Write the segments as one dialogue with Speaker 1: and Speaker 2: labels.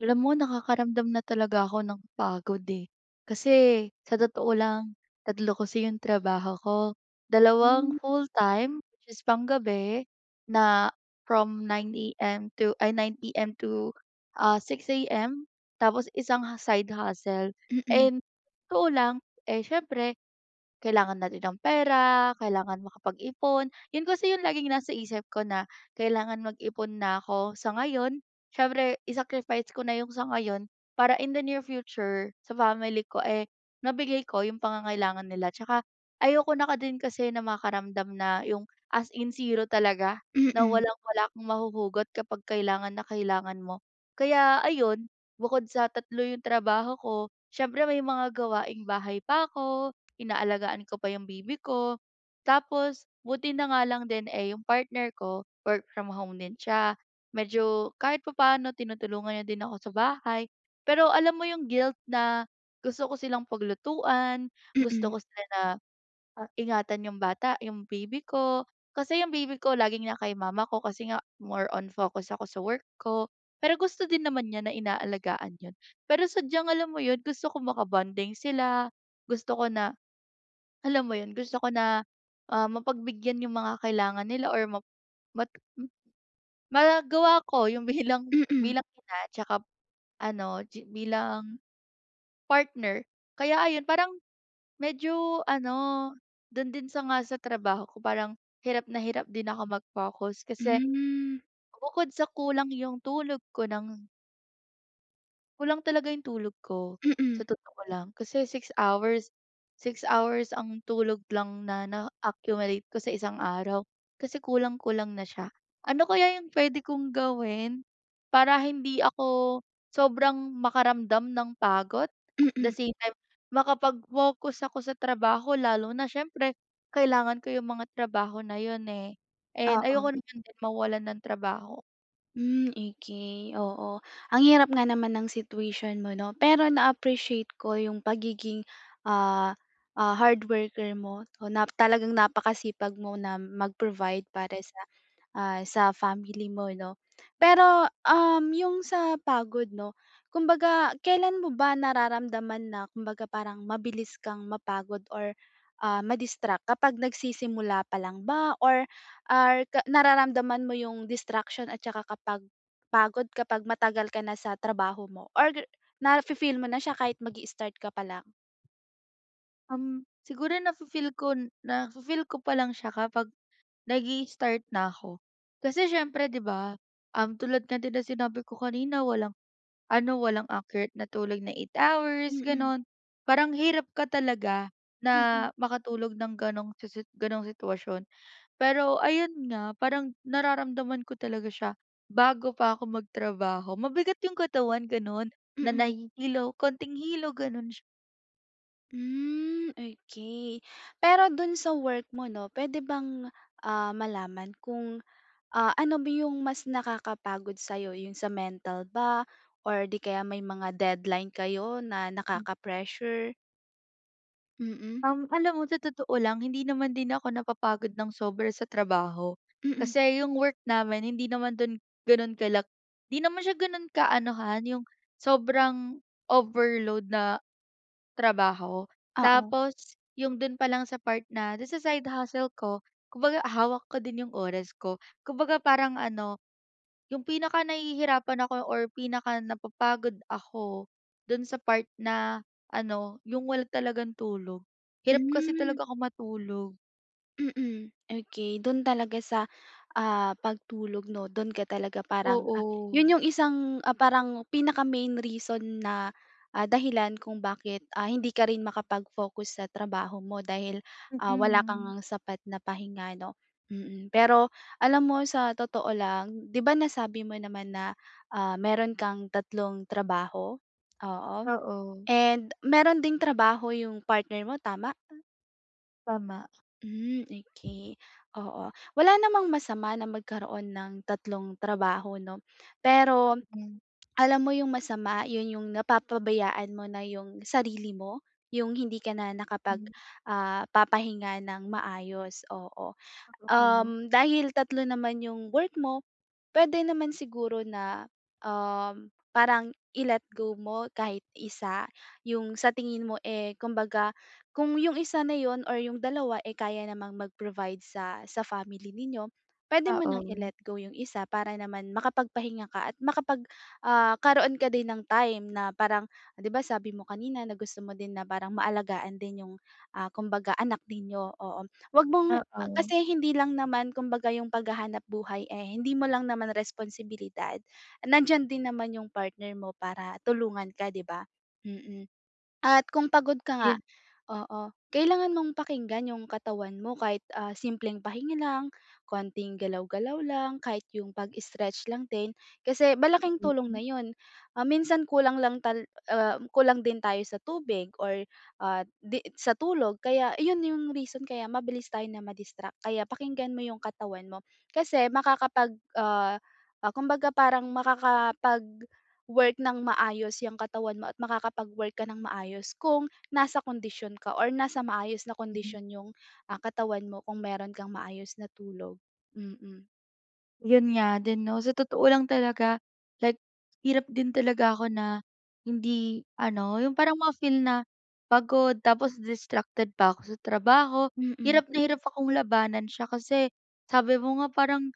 Speaker 1: Alam mo, nakakaramdam na talaga ako ng pagod, eh. Kasi sa totoo lang, 3 kasi yung trabaho ko, dalawang
Speaker 2: Hmm.
Speaker 1: full-time, which is panggabi na from 9:00 am to ay, 9 pm to, ah, 6:00 am tapos isang ha side hustle.
Speaker 2: Mm.
Speaker 1: And totoo lang, eh, siyempre kailangan na rin ng pera, kailangan makapag-ipon, 'yun kasi yung laging nasa isip ko na, kailangan mag-ipon na ako sa ngayon. Siyempre, i-sacrifice ko na yung sa ngayon para in the near future, sa family ko, eh, mabigay ko yung pangangailangan nila. Tsaka ayoko na ka din kasi na makaramdam na yung as in 0 talaga, na
Speaker 2: Mm.
Speaker 1: walang-wala kang mahuhugot kapag kailangan na kailangan mo. Kaya ayon, bukod sa 3 yung trabaho ko, siyempre may mga gawaing-bahay pa ako, inaalagaan ko pa yung baby ko. Tapos buti na nga lang din, eh, yung partner ko work from home din siya, medyo kahit papaano tinutulungan niya din ako sa bahay. Pero alam mo 'yung guilt na gusto ko silang paglutuan, gusto
Speaker 2: Mm.
Speaker 1: ko sila na, ah, ingatan 'yung bata, 'yung baby ko, kasi 'yung baby ko laging na kay mama ko kasi nga more on focus ako sa work ko, pero gusto din naman niya na inaalagaan 'yon. Pero sadyang alam mo 'yon, gusto ko makabonding sila, gusto ko na alam mo 'yun, gusto ko na, ah, mapagbigyan 'yung mga kailangan nila or map mat m magagawa ko 'yung bilang
Speaker 2: Mm.
Speaker 1: bilang ina tsaka ano, gi bilang partner. Kaya ayon, parang medyo ano, do'n din sa nga trabaho ko, parang hirap na hirap din ako mag-focus kasi
Speaker 2: Hmm.
Speaker 1: bukod sa kulang 'yung tulog ko ng Kulang talaga 'yong tulog ko.
Speaker 2: Mm.
Speaker 1: Sa totoo lang, kasi 6 hours, 6 hours ang tulog lang na na-accumulate ko sa isang araw, kasi kulang-kulang na siya. Ano kaya 'yong puwede kong gawin, para hindi ako, sobrang makaramdam ng pagod? At the
Speaker 2: Mm.
Speaker 1: same time, makapag-focus ako sa trabaho, lalo na siyempre, kailangan ko 'yong mga trabaho na 'yon, eh. And, ayoko
Speaker 2: Oo.
Speaker 1: naman din mawalan ng trabaho.
Speaker 2: Hmm, okay, oo. Ang hirap nga naman ng situation mo, 'no. Pero, na-appreciate ko 'yong pagiging, ah, ah, hard worker mo, 'no, na talagang napakasipag mo na mag-provide para
Speaker 1: Mm.
Speaker 2: sa, ah, sa family mo, 'no. Pero, um, 'yong sa pagod, 'no, kumbaga, kailan mo ba nararamdaman na, kumbaga parang, mabilis kang mapagod or, ah, madistract? Kapag nagsisimula pa lang ba, or, or ka nararamdaman mo 'yong distraction at 'tsaka kapag, pagod kapag matagal ka na sa trabaho mo? Or gi nafi-feel mo na siya kahit mag-i-start ka pa lang?
Speaker 1: Um, siguro nafi-feel kon nafi-feel ko pa lang siya kapag nag-i-start na ako. Kasi siyempre 'di ba, um, tulad nga din ng sinabi ko kanina, walang ano, walang accurate na tulog na 8 hours
Speaker 2: Mm.
Speaker 1: gano'n. Parang hirap ka talaga na
Speaker 2: Mm.
Speaker 1: makatulog nang gano'ng sisit gano'ng sitwasyon. Pero ayun nga, parang nararamdaman ko talaga siya bago pa ako magtrabaho. Mabigat yung katawan ganun, na
Speaker 2: Mm.
Speaker 1: nahihilo, kaunting hilo, gano'n sy
Speaker 2: Hmm, okey, pero dun sa work mo 'no, puwede bang, ah, malaman kung, ah, ano ba yung mas nakakapagod sa'yo, yun sa mental ba or 'di kaya may mga deadline kayo na
Speaker 1: Hmm.
Speaker 2: nakaka-pressure? Mm.
Speaker 1: Um, alam mo sa totoo lang, hindi naman din ako napapagod nang sobra sa trabaho,
Speaker 2: Mm.
Speaker 1: kasi yung work namin hindi naman dun gano'n kalak hindi naman siya ganun kaanuhan yung, sobrang overload na trabaho.
Speaker 2: Oo.
Speaker 1: Tapos yung dun pa lang sa part na dun sa side hustle ko, kumbaga hawak ko din yung oras ko. Kumbaga parang ano, yung pinaka-nahihirapan ako or pinaka-napapagod ako dun sa part na ano, yung wala talagang tulog. Hirap kasi
Speaker 2: Hmm.
Speaker 1: talaga ako matulog.
Speaker 2: Mm, okey. Do'n talaga sa, ah, pagtulog, 'no. Do'n ka talaga parang, ah
Speaker 1: Oo.
Speaker 2: 'yon 'yong isang, ah, parang pinaka-main reason na, ah, dahilan kung bakit, ah, hindi ka rin makapag-focus sa trabaho mo. Dahil, ah, wala ka
Speaker 1: Mm.
Speaker 2: ngang sapat na pahinga, 'no, mm. Pero, alam mo, sa totoo lang, 'di ba, nasabi mo naman na, ah, meron kang 3 trabaho, oo,
Speaker 1: Oo.
Speaker 2: and meron ding trabaho 'yong partner mo tama?
Speaker 1: Tama.
Speaker 2: Hmm, okay, oo. Wala namang masama na magkaroon ng 3 trabaho, 'no. Pero,
Speaker 1: Pagod 'yan.
Speaker 2: alam mo 'yong masama, 'yon 'yong napapabayaan mo na 'yong sarili mo, 'yong hindi ka na nakapag,
Speaker 1: Hmm.
Speaker 2: ah, papahinga ng maayos, oo.
Speaker 1: Ah, totoo, no.
Speaker 2: Um, dahil 3 naman 'yong work mo, puwede naman siguro na, um, parang i-let go mo kahit isa. 'Yong sa tingin mo, eh, kumbaga, kung 'yong isa na 'yon or 'yong dalawa, eh, kaya namang mag-provide sa sa family ninyo, puwede mo ng
Speaker 1: Oo.
Speaker 2: i-let go 'yong isa. Para naman, makapagpahinga ka at makapag, ah, karoon ka din ng time, na parang, ah, 'di ba, sabi mo kanina na gusto mo din na parang maalagaan din 'yong, ah, kumbaga anak ninyo, oo. Wag mong ah,
Speaker 1: Oo.
Speaker 2: kasi hindi lang naman, kumbaga 'yong paghahanapbuhay, eh, hindi mo lang naman responsibilidad, nandiyan din naman 'yong partner mo para tulungan ka, 'di ba. Mm, at kung pagod ka nga
Speaker 1: Iyon
Speaker 2: oo, kailangan mong pakinggan 'yong katawan mo kahit, ah, simpleng pahinga lang, konting galaw-galaw lang, kahit 'yong pag-stretch lang din. Kasi,
Speaker 1: Ah,
Speaker 2: malaking tulong
Speaker 1: stretching.
Speaker 2: na 'yon, ah, minsan kulang lang tal ah, kulang din tayo sa tubig or, at 'di sa tulog. Kaya, ayun 'yong reason kaya mabilis tayo na ma-distract kaya pakinggan mo 'yong katawan mo. Kasi makakapag, ah, ah, kumbaga parang makakapag-work ng maayos 'yang katawan mo at makakapag-work ka ng maayos kung, nasa kondisyon ka or nasa maayos na
Speaker 1: Mhm.
Speaker 2: kondisyon 'yong, ah, katawan mo, kung meron kang maayos na tulog. Mm
Speaker 1: Yun nga din 'no, sa totoo lang talaga like, hirap din talaga ako na, hindi ano, yung parang ma-feel na, pagod tapos distracted pa ko sa trabaho
Speaker 2: Mm.
Speaker 1: hirap na hirap akong labanan siya. Kasi sabi mo nga parang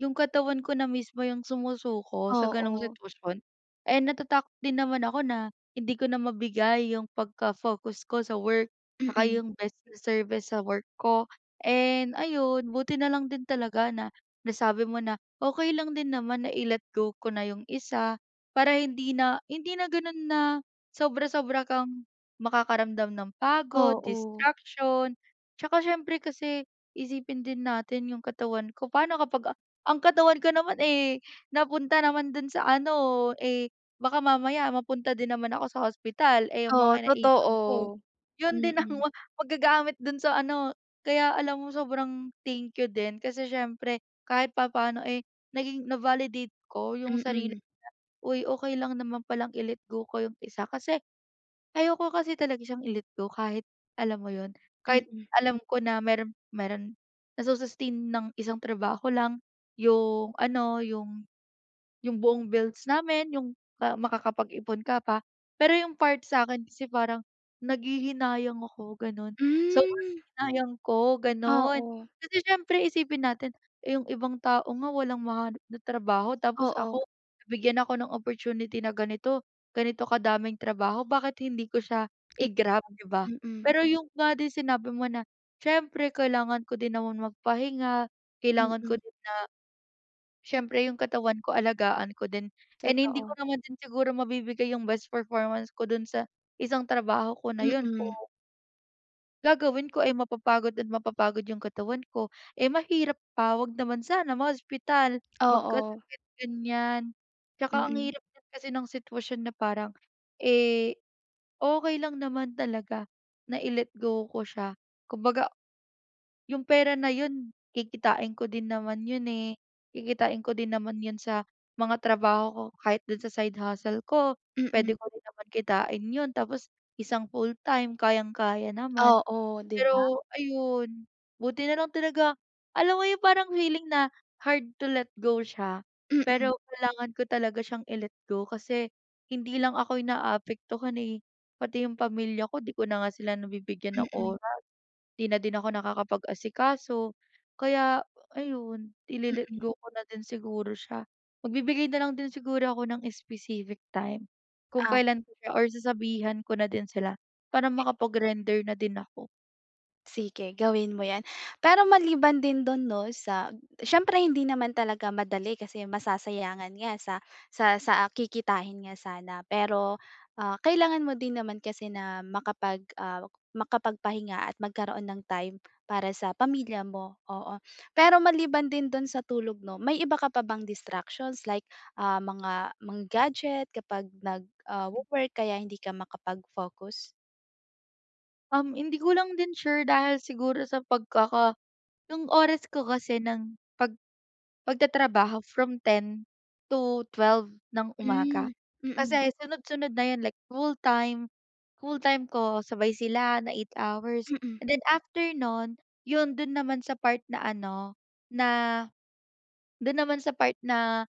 Speaker 1: yung katawan ko na mismo yung sumusuko sa gano'ng
Speaker 2: Oo.
Speaker 1: sitwasyon. Eh, natatakot din naman ako na hindi ko na mabigay yung pagka-focus ko sa work, saka
Speaker 2: Mm.
Speaker 1: yung best service sa work ko, and ayun buti na lang din talaga na nasabi mo na okey lang din naman na i-let go ko na yung isa para hindi na hindi na ganun na sobra-sobra kang makakaramdam ng pagod,
Speaker 2: Oo.
Speaker 1: distraction. Tsaka siyempre kasi isipin din natin yung katawan ko, paano kapag ang katawan ko naman, eh, napunta naman dun sa ano, eh, baka mamaya mapunta din naman ako sa hospital. Eh, yung
Speaker 2: O
Speaker 1: mga naipon ko,
Speaker 2: totoo,
Speaker 1: yun din ang
Speaker 2: mm.
Speaker 1: wa maggagamit dun sa ano kaya alam mo sobrang thank you din kasi siyempre kahit papaano, eh, naging na-validate ko yung sarili ko
Speaker 2: Mm.
Speaker 1: na, "Uy okey lang naman palang i-let go ko yung isa". Kasi ayoko kasi talaga siyang i-let go kahit alam mo yun, kahit
Speaker 2: Mm.
Speaker 1: alam ko na meron meron na sus-sustain ng isang trabaho lang yung ano, yung yung buong bills namin, yung makakapag-ipon ka pa. Pero yung part sa'kin kasi parang nanghihinayang ako gano'n, sobrang
Speaker 2: Hmm.
Speaker 1: hinayang ko,
Speaker 2: Ah,
Speaker 1: ganon.
Speaker 2: o
Speaker 1: Kasi siyempre isipin natin, eh, yung ibang tao nga walang mahanap na trabaho, tapos
Speaker 2: Oo.
Speaker 1: ako nabigyan ako ng opportunity na ganito, ganito kadaming trabaho bakit hindi ko siya
Speaker 2: [unintelligible]
Speaker 1: i-grab di ba?
Speaker 2: Mm.
Speaker 1: Pero yung nga din sinabi mo na, siyempre kailangan ko din namang magpahinga, kailangan ko
Speaker 2: Mm.
Speaker 1: din na siyempre yung katawan ko alagaan ko din, and hindi ko
Speaker 2: Totoo.
Speaker 1: naman din siguro mabibigay yung best performance ko dun sa isang trabaho ko na yun kung
Speaker 2: Mm.
Speaker 1: Gagawin ko ay mapapagod at mapapagod yung katawan ko, eh, mahirap pa 'wag naman sana ma-hospital,
Speaker 2: Oo.
Speaker 1: magkasakit ganyan. 'Tsaka ang din
Speaker 2: Mm.
Speaker 1: hirap kasi ng sitwasyon na parang, eh, okey lang naman talaga na i-let go ko siya kumbaga, yung pera na 'yun kikitain ko din naman 'yun, eh, kikitain ko din naman 'yun sa mga trabaho ko kahit do'n sa side hustle ko puwede
Speaker 2: Mm.
Speaker 1: ko din naman kitain 'yun tapos isang full-time kayang-kaya naman.
Speaker 2: Oo, 'di ba?
Speaker 1: Pero ayun, buti nalang talaga alam mo yung parang feeling na hard to let go siya
Speaker 2: Mm.
Speaker 1: pero kailangan ko talaga siyang i-let go kasi hindi lang ako yung naapektuhan, eh, pati yung pamilya ko di ko na nga sila nagbibigyan ng
Speaker 2: Mm.
Speaker 1: oras di na din ako nakakapag-asikaso. Kaya ayun i-le-let
Speaker 2: Mm.
Speaker 1: go ko na din siguro siya, magbibigay nalang din siguro ako ng specific time kung
Speaker 2: Ah.
Speaker 1: kailan ko siya or sasabihan ko na din sila para makapag render na din ako.
Speaker 2: Sige gawin mo yan, pero maliban din do'n 'no sa siyempre hindi naman talaga madali kasi masasayangan nga sa, sa sa kikitahin nga sana. Pero, ah, kailangan mo din naman kasi na makapag, ah, makapagpahinga at magkaroon ng time para sa pamilya mo, oo. Pero maliban din do'n sa tulog 'no may iba ka pa bang distractions like, ah, mga, mga gadget kapag nag, ah,
Speaker 1: M
Speaker 2: wo-work kaya hindi ka makapag focus?
Speaker 1: Um, hindi ko lang din sure dahil siguro sa pagkaka yung oras ko kasi ng pag pagtatrabaho from 10:00 to 12:00 ng umaga.
Speaker 2: Hmm, mm.
Speaker 1: Kasi sunod-sunod na 'yun, like full time, full time ko sabay sila na 8 hours
Speaker 2: Mm.
Speaker 1: and then after no'n yo'n do'n naman sa part na ano na, do'n naman sa part na,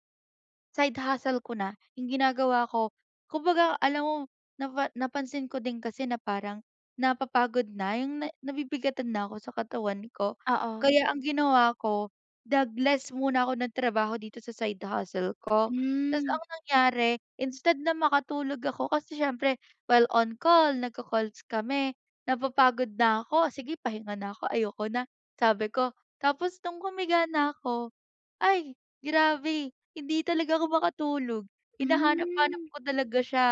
Speaker 1: side hustle ko na. Yung ginagawa ko kumbaga alam mo napa napansin ko din kasi na parang napapagod na yung na nabibigatan na ako sa katawan ko.
Speaker 2: Oo.
Speaker 1: Kaya ang ginawa ko nag-less muna ako ng nagtrabaho dito sa side hustle ko. Ta's
Speaker 2: Hmm.
Speaker 1: ang nangyari instead na makatulog ako kasi siyempre while on call, nag-ko-calls kami napapagod na ako, "Sige pahinga na ako, ayoko na," sabi ko. Tapos nung humiga na ako, ay! Grabe, hindi talaga ako makatulog, hinahanap-hanap
Speaker 2: Hmm.
Speaker 1: ko talaga siya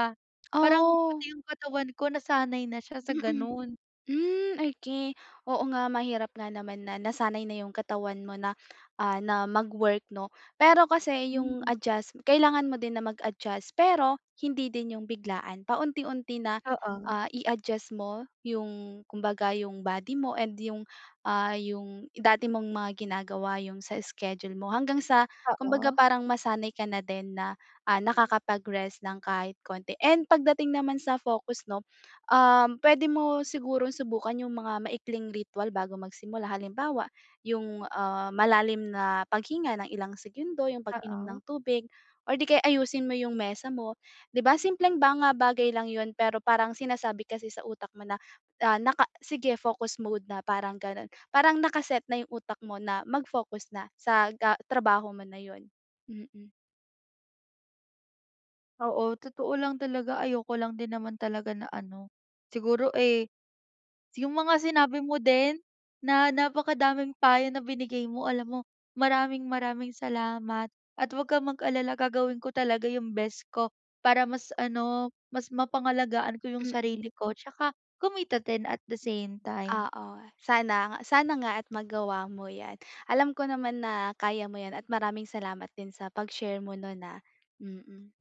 Speaker 1: parang
Speaker 2: Oh.
Speaker 1: pati yung katawan ko nasanay na siya sa
Speaker 2: Mm.
Speaker 1: gano'n.
Speaker 2: Hmm, okey, oo nga mahirap nga naman na nasanay na yung katawan mo na, ah, na mag-work 'no, pero kasi yung
Speaker 1: Hmm.
Speaker 2: adjust kailangan mo din na mag-adjust pero hindi din yung biglaan, paunti-unti na,
Speaker 1: Oo.
Speaker 2: ah, i-adjust mo yung kumbaga yung body mo and yung, ah, yung dati mong mga ginagawa, yung sa schedule mo hanggang sa kumbaga
Speaker 1: Oo.
Speaker 2: parang masanay ka na din na, ah, nakakapag-rest ng kahit konti. And pagdating naman sa focus 'no, um, puwede mo sigurong subukan yung mga maikling ritwal bago magsimula. Halimbawa yung, ah, malalim na paghinga ng ilang segundo, yung pag-inom
Speaker 1: Oo.
Speaker 2: ng tubig, or 'di kaya ayusin mo yung mesa mo 'di ba. Simpleng mga bagay lang 'yun, pero parang sinasabi kasi sa utak mo na, ah, naka "Sige, focus mode na," parang gano'n. Parang naka-set na yung utak mo na mag-focus na sa ga trabaho mo na 'yon, mm.
Speaker 1: Oo, totoo lang talaga ayoko lang din naman talaga na ano, siguro, eh, yung mga sinabi mo din na napakadaming payo na binigay mo alam mo maraming maraming salamat. At 'wag kang mag-alala gagawin ko talaga yung best ko, para mas ano mas mapangalagaan ko yung
Speaker 2: Mm.
Speaker 1: sarili ko 'tsaka kumita din at the same time.
Speaker 2: Oo. Sana, sana nga at magawa mo yan. Alam ko naman na kaya mo yan at maraming salamat din sa pag-share mo no'n, ah, mm.